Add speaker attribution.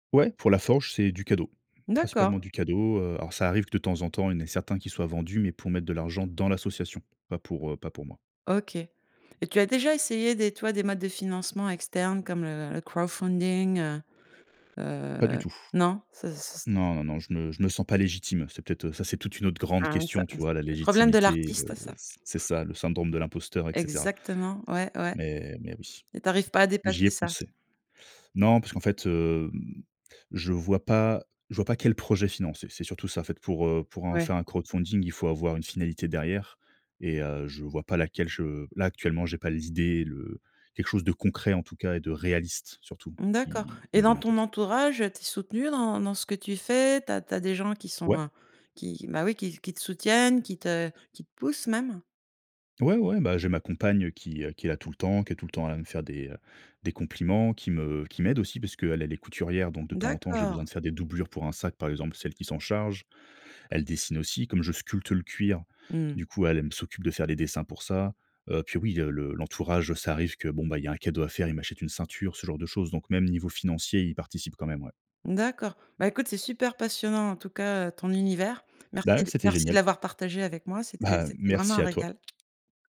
Speaker 1: Ouais, pour la forge, c'est du cadeau, principalement
Speaker 2: D'accord.
Speaker 1: du cadeau, heu. Alors, ça arrive que de temps en temps, il y en a certains qui soient vendus, mais pour mettre de l'argent dans l'association, pas pour, heu, pas pour moi.
Speaker 2: OK. Et tu as déjà essayé des tu vois, des modes de financement externes comme le le crowdfunding?
Speaker 1: Pas du
Speaker 2: Heu,
Speaker 1: tout.
Speaker 2: non, ça s s
Speaker 1: Non, non, non. Je me je me sens pas légitime. C'est peut-être, heu, ça, c'est toute une autre grande
Speaker 2: Ah ça,
Speaker 1: question. Tu
Speaker 2: heu, c'est
Speaker 1: vois la
Speaker 2: le problème de
Speaker 1: légitimité,
Speaker 2: l'artiste,
Speaker 1: heu,
Speaker 2: ça
Speaker 1: c c'est ça le syndrome de l'imposteur, et cetera.
Speaker 2: Exactement, ouais, ouais.
Speaker 1: Mais mais oui,
Speaker 2: Et tu arrives pas à
Speaker 1: j'y
Speaker 2: dépasser
Speaker 1: ai
Speaker 2: ça?
Speaker 1: pensé. Non, parce qu'en fait, hem, je le vois pas je vois pas quel projet financer. C'est surtout ça. En fait, pour, heu, pour en
Speaker 2: Ouais.
Speaker 1: faire un crowdfunding, il faut avoir une finalité derrière, et heu, je vois pas laquelle. Je là actuellement, j'ai pas les idées, le quelque chose de concret en tout cas, et de réaliste surtout,
Speaker 2: D'accord.
Speaker 1: qui qui
Speaker 2: Et
Speaker 1: me
Speaker 2: dans
Speaker 1: vient en
Speaker 2: ton
Speaker 1: tête.
Speaker 2: entourage, tu es soutenu dans dans ce que tu fais? Tu as tu as des gens qui sont
Speaker 1: Ouais.
Speaker 2: en qui qui bah oui, qui qui te soutiennent, qui te qui te poussent même?
Speaker 1: Ouais, ouais, bah, j'ai ma compagne, qui, heu, qui est là tout le temps, qui est tout le temps à la me faire des, heu, des compliments, qui me qui m'aide aussi parce qu'elle, est couturière. Donc, de temps en temps, j'ai besoin de
Speaker 2: D'accord.
Speaker 1: faire des doublures pour un sac, par exemple, c'est elle qui s'en charge. Elle dessine aussi, comme je sculpte le cuir.
Speaker 2: Mmh.
Speaker 1: Du coup, elle elle m s'occupe de faire les dessins pour ça. Heu, puis oui, heu, le l'entourage, heu, ça arrive que bon, bah il y a un cadeau à faire, il m'achète une ceinture, ce genre de choses. Donc même niveau financier, ils participent quand même ouais.
Speaker 2: D'accord, bah écoute, c'est super passionnant en tout cas, heu, ton univers.
Speaker 1: Bah
Speaker 2: Merci
Speaker 1: ouais,
Speaker 2: d
Speaker 1: c'était
Speaker 2: merci de
Speaker 1: génial.
Speaker 2: l'avoir partagé avec moi, c'était
Speaker 1: Bah,
Speaker 2: c'était vraiment
Speaker 1: merci
Speaker 2: un
Speaker 1: à toi.
Speaker 2: régal.